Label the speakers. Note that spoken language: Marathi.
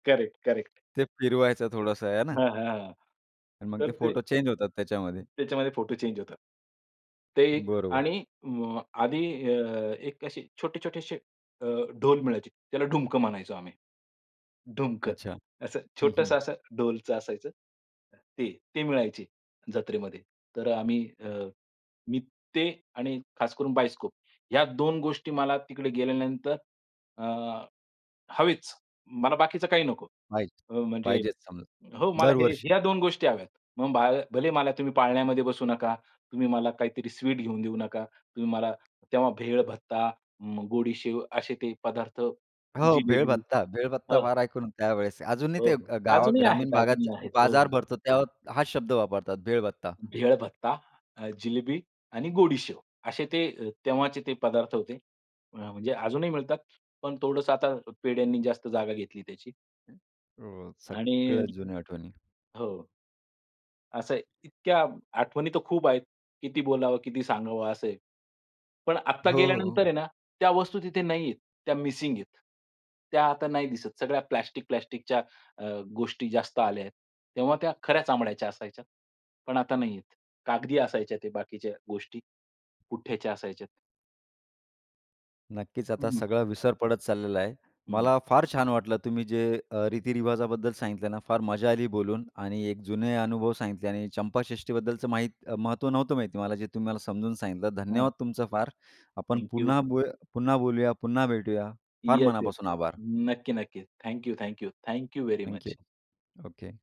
Speaker 1: Correct, correct.
Speaker 2: ते फिरवायचं थोडंसं आहे ना?
Speaker 1: हां, हां.
Speaker 2: आणि मग ते
Speaker 1: तर ते
Speaker 2: फोटो चेंज होतात त्याच्यामध्ये
Speaker 1: त्याच्यामध्ये फोटो चेंज होतात. ते
Speaker 2: बरोबर.
Speaker 1: आणि म आधी अ, एक असे छोटे छोटेसे अ, ढोल मिळायची. त्याला ढुमक म्हणायचो आम्ही. ढुमकं,
Speaker 2: अच्छा.
Speaker 1: असं
Speaker 2: हं, हं.
Speaker 1: छोटंसं असं ढोलचं असायचं. ते ते मिळायचे जत्रेमध्ये. तर आम्ही अ, मी ते आणि खास करून बायोस्कोप ह्या 2 गोष्टी मला तिकडे गेल्यानंतर अ, हवेचं. मला बाकीचं काही नको.
Speaker 2: पाहिजे,
Speaker 1: अ, म्हणजे
Speaker 2: पाहिजे समजा,
Speaker 1: हो, मला हे
Speaker 2: दरवर्षी.
Speaker 1: ह्या 2 गोष्टी हव्यात. मग बा भले मला तुम्ही पाळण्यामध्ये बसू नका. तुम्ही मला काहीतरी स्वीट घेऊन देऊ नका. तुम्ही मला तेव्हा भेळ, भत्ता, उम्म, गोडी शेव असे ते पदार्थ,
Speaker 2: हो, भेळ
Speaker 1: जिलेबी
Speaker 2: भत्ता, भेळ भत्ता
Speaker 1: हं.
Speaker 2: फार ऐकून त्यावेळेस. अजूनही
Speaker 1: हो,
Speaker 2: ते
Speaker 1: हो.
Speaker 2: अ, गावा
Speaker 1: अजूनही
Speaker 2: ग्रामीण
Speaker 1: आहेत,
Speaker 2: भागात
Speaker 1: अजूनही आहेत. हो.
Speaker 2: बाजार भरतो त्यावर हा शब्द वापरतात भेळ भत्ता.
Speaker 1: भेळ भत्ता, अ, जिलेबी आणि गोडी शेव असे ते अ, तेव्हाचे ते पदार्थ होते. अ, म्हणजे अजूनही मिळतात, पण थोडंसं आता पेढ्यांनी जास्त जागा घेतली त्याची.
Speaker 2: हो,
Speaker 1: आणि
Speaker 2: सगळ्या जुन्या आठवणी.
Speaker 1: हो. असं आहे, इतक्या आठवणी तर खूप आहेत. किती बोलावं, किती सांगावं असं आहे. पण आत्ता
Speaker 2: हो,
Speaker 1: गेल्यानंतर
Speaker 2: हो.
Speaker 1: आहे ना, त्या वस्तू तिथे नाही आहे. त्या मिसिंग आहेत. त्या आता नाही दिसत. सगळ्या प्लास्टिक-प्लास्टिकच्या अ, गोष्टी जास्त आल्यात. तेव्हा त्या खऱ्या चामड्याच्या असायच्या. पण आता नाहीयेत. कागदी असायच्या त्या बाकीच्या गोष्टी, पुठ्याच्या असायच्यात.
Speaker 2: नक्कीच, आता
Speaker 1: हं.
Speaker 2: सगळं विसर पडत चाललेला आहे.
Speaker 1: हं.
Speaker 2: मला फार छान वाटलं तुम्ही जे अ, रीति-रिवाजाबद्दल सांगितलं ना, फार मजा आली बोलून आणि एक जुने अनुभव सांगितले आणि चंपाषष्ठीबद्दलचं माहीत महत्त्व नव्हतं माहिती मला, जे तुम्ही मला समजून सांगितलं.
Speaker 1: हां.
Speaker 2: धन्यवाद तुमचं फार. आपण
Speaker 1: थँक यू.
Speaker 2: पुन्हा बो पुन्हा बोलूया, पुन्हा भेटूया. फार
Speaker 1: येस, येस.
Speaker 2: मनापासून आभार.
Speaker 1: नक्की, नक्की. Thank you, thank you, thank you very
Speaker 2: thank you.
Speaker 1: Much.
Speaker 2: Okay.